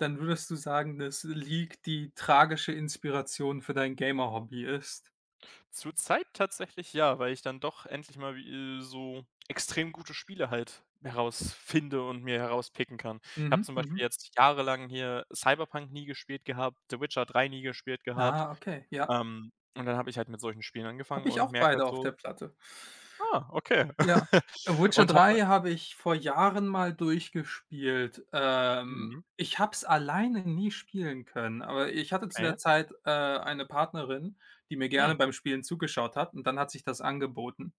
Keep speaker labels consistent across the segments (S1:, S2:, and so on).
S1: Dann würdest du sagen, dass League die tragische Inspiration für dein Gamer Hobby ist?
S2: Zurzeit tatsächlich ja, weil ich dann doch endlich mal wie äh, so extrem gute Spiele halt herausfinde und mir herauspicken kann. Habe
S1: Mhm.
S2: zum Beispiel
S1: Mhm.
S2: jetzt jahrelang hier Cyberpunk nie gespielt gehabt, The Witcher 3 nie gespielt gehabt,
S1: Ah, okay, ja.
S2: ähm, und dann habe ich halt mit solchen Spielen angefangen
S1: Habe ich
S2: und
S1: auch
S2: merke
S1: beide
S2: halt
S1: auf
S2: so
S1: der Platte.
S2: „Ah, okay.“
S1: Ja, äh, Witcher
S2: Und
S1: 3
S2: habe
S1: habe ich vor Jahren mal durchgespielt. Ähm,
S2: Mhm.
S1: ich habe es alleine nie spielen können, aber ich hatte zu
S2: Okay.
S1: der Zeit, äh, eine Partnerin, die mir
S2: Hm.
S1: gerne beim Spielen zugeschaut hat und dann hat sich das angeboten.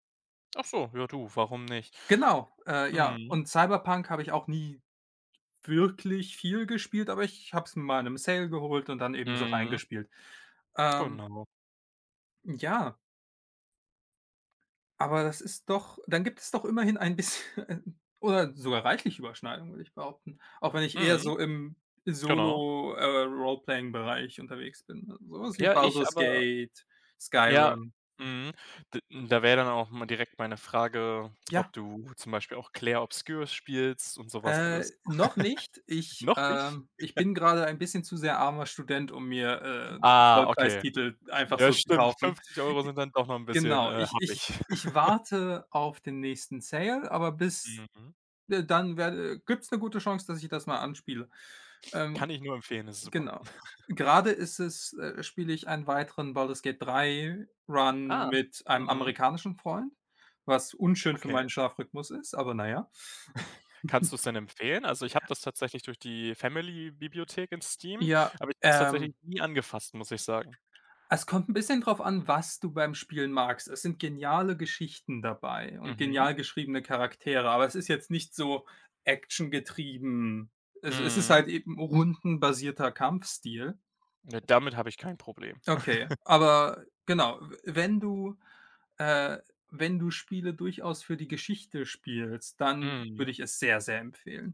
S2: Ach so, ja du, warum nicht?
S1: Genau, äh, ja,
S2: Mhm.
S1: und Cyberpunk habe ich auch nie wirklich viel gespielt, aber ich habe es mal in 'nem Sale geholt und dann eben so
S2: Mhm.
S1: reingespielt, ähm
S2: Genau.
S1: Ja. Aber das ist doch dann gibt es doch immerhin ein bisschen oder sogar reichlich Überschneidungen, würde ich behaupten. Auch wenn ich eher
S2: Mhm,
S1: so im
S2: genau.
S1: Solo, äh, Roleplaying Bereich unterwegs bin, sowas wie
S2: Ja, ich
S1: Baldur's
S2: aber
S1: Gate,
S2: ja,
S1: Skyrim.
S2: mhm, d da wäre dann auch mal direkt meine Frage,
S1: Ja.
S2: ob du zum Beispiel auch Claire Obscur spielst und so was
S1: Äh,
S2: alles.
S1: noch nicht. Ich,
S2: Noch nicht?
S1: ähm ich bin grade ein bisschen zu sehr armer Student, um mir, äh,
S2: Ah, okay.
S1: Vollpreistitel einfach
S2: Ja,
S1: so zu
S2: stimmt,
S1: kaufen.
S2: 50 € sind dann doch noch 'n
S1: G
S2: bisschen,
S1: Genau,
S2: äh,
S1: ich ich
S2: happig.
S1: ich warte auf den nächsten Sale, aber bis,
S2: Mhm.
S1: äh, dann werde gibt's 'ne gute Chance, dass ich das mal anspiele,
S2: Kann
S1: ähm
S2: ich nur empfehlen, ist super.
S1: genau. Gerade ist es, äh spiele ich einen weiteren Baldur's Gate 3 Run
S2: Ah.
S1: mit einem
S2: Mhm.
S1: amerikanischen Freund, was unschön für
S2: Okay.
S1: meinen Schlafrhythmus ist aber na ja.
S2: Kannst du's denn empfehlen? Also, ich habe das tatsächlich durch die Family-Bibliothek in Steam,
S1: Ja,
S2: aber ich habe es tatsächlich
S1: ähm
S2: nie angefasst, muss ich sagen.
S1: Es kommt 'n bisschen drauf an, was du beim Spielen magst. Es sind geniale Geschichten dabei und
S2: Mhm.
S1: genial geschriebene Charaktere, aber es ist jetzt nicht so Action-getrieben. Also, es ist
S2: Mhm.
S1: halt eben 'n rundenbasierter Kampfstil.
S2: Ja, damit habe ich kein Problem.
S1: Okay, aber genau, äh, wenn du, äh wenn du Spiele durchaus für die Geschichte spielst, dann
S2: Mhm.
S1: würde ich es sehr, sehr empfehlen.